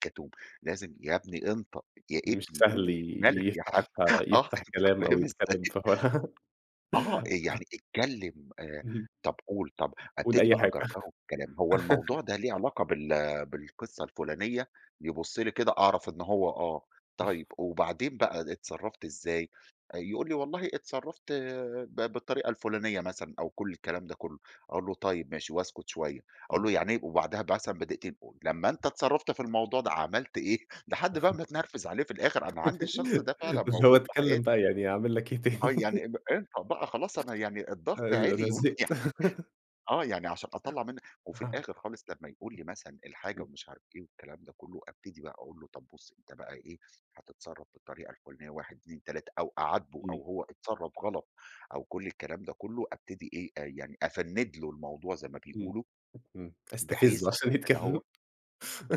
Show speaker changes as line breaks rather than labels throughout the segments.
كَتوم، لازم يا ابني انطق يا
مش
ابني
سهل
قُل،
ي
مالَك يا حاج؟
يفتح
آه،
يفتح
أنتَ
كلام أو
فاهم
يتكلم
إزاي؟
في حوار.
آه يعني اتكلّم، آآ،
اهم.
طب قُل طب،
قُل
أبتدي
أي
بقى
حاجة.
أجَرْجَره بالكلام. هو الموضوع ده ليه علاقة بال بالقصة الفُلانية، يبص لي كده أعرف إنه هو آه. طيب، وبعدين بقى ا اتصرفت إزاي؟ آآ يقول لي: "والله اتصرفت ب بالطريقة الفُلانية." مثلًا أو كل الكلام ده كله، أقول له: "طيب ماشي" واسكت شوية. أقول
إمم.
له: "يعني إيه؟" وبعدها ب مثلًا بدقيقتين أقول: "لمّا أنتَ اتصرفت في الموضوع ده، عملت إيه؟" لحد بقى ما اتنرفز عليه في الآخر. أنا عندي الشخص ده فعلًا
بس هو
موجود في
اتكلم
حياتي.
بقى، يعني أعمل لَك إيه
آه
تاني؟
يعني إن انطق بقى خلاص أنا يعني
أ
الضغط
أ أنا
عِلِي
زهقت.
ويعني آه، يعني عشان أطلّع منه وفي
أها.
الآخر خالص لمّا يقول لي مثلًا الحاجة
امم.
ومش عارف إيه والكلام ده كله، أبتدي بقى أقول له: "طب بُص أنتَ بقى إيه، هتتصرف بالطريقة الفُلانية 1، 2، 3"، أو أعاتبه
امم.
أو هو اتصرّف غلط أو كل الكلام ده كله، أبتدي إيه، آآ يعني أفنّد له الموضوع زي ما
امم،
بيقولوا.
امم أستفزه
بحيث
عشان
إن
يتكلم.
هو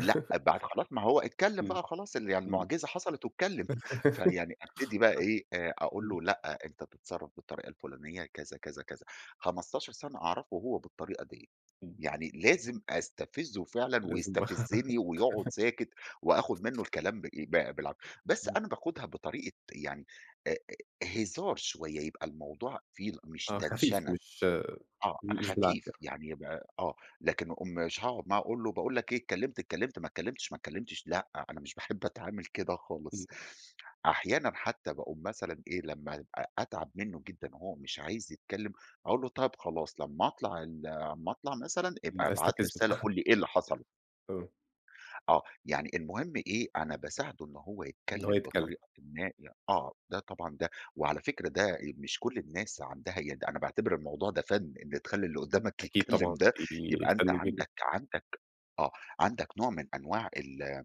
لأ، بعد خلاص ما هو اتكلم
امم،
بقى وخلاص ال يعني
امم.
المعجزة حصلت واتكلم، فيعني أبتدي بقى إيه، آآ
[unintelligible]
أقول
امم.
له: "لأ، أنتَ بتتصرف بالطريقة الفلانية كذا، كذا، كذا." 15 سنة أعرفه وهو بالطريقة ديَّة.
امم.
يعني لازم أستفزه فعلًا
لازم
ويستفزني، ويقعد ساكت وآخد منه الكلام بإيه، ب بالعافية. بس
امم.
أنا باخدها بطريقة يعني، آآ هزار شوية، يبقى الموضوع فيه ال مش
آه خفيف
تنشنة.
مش-
آه،
مش بالعافية.
خفيف يعني يبقى آه. لكن أكون مش هاقعد معاه وأقول له: "باقول لك إيه اتكلّمت، اتكلّمت ما اتكلمتش، ما اتكلمتش" لأ، أنا مش باحب أتعامل كده
امم.
خالص. أحيانًا حتى باقوم مثلًا إيه، لما أ أتعب منه جدًا وهو مش عايز يتكلم، أقول له: "طيب خلاص لما أطلع ال لما أطلع مثلًا،
امم،
ابقى ابعت لي
أستفزه.
رسالة، قل لي إيه اللي حصل؟"
آه.
آه، يعني المهم إيه؟ أنا باساعده إن هو
إن هو
يتكلم
يتكلم.
بطريقةٍ ما ي آه، ده طبعًا ده وعلى فكرة ده، آآ مش كل الناس عندها يد أنا باعتبر الموضوع ده فَن. إن تخلّي اللي قدّامك
أكيد طبعًا.
يتكلم ده
دي
يبقى أنتَ
فن [unintelligible]
عندك عندك آه، عندك نوع من أنواع ال ال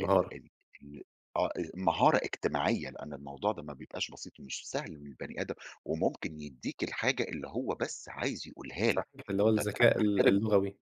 ال ال آه، آآ مهارة إجتماعية. لأن الموضوع ده ما بيبقاش بسيط ومش سهل إن البني آدم وممكن يدّيك الحاجة اللي هو بس عايز يقولها لَك،
صحيح، اللي هو
وده أنا
الذكاء ال
باحترمه.
اللغوي.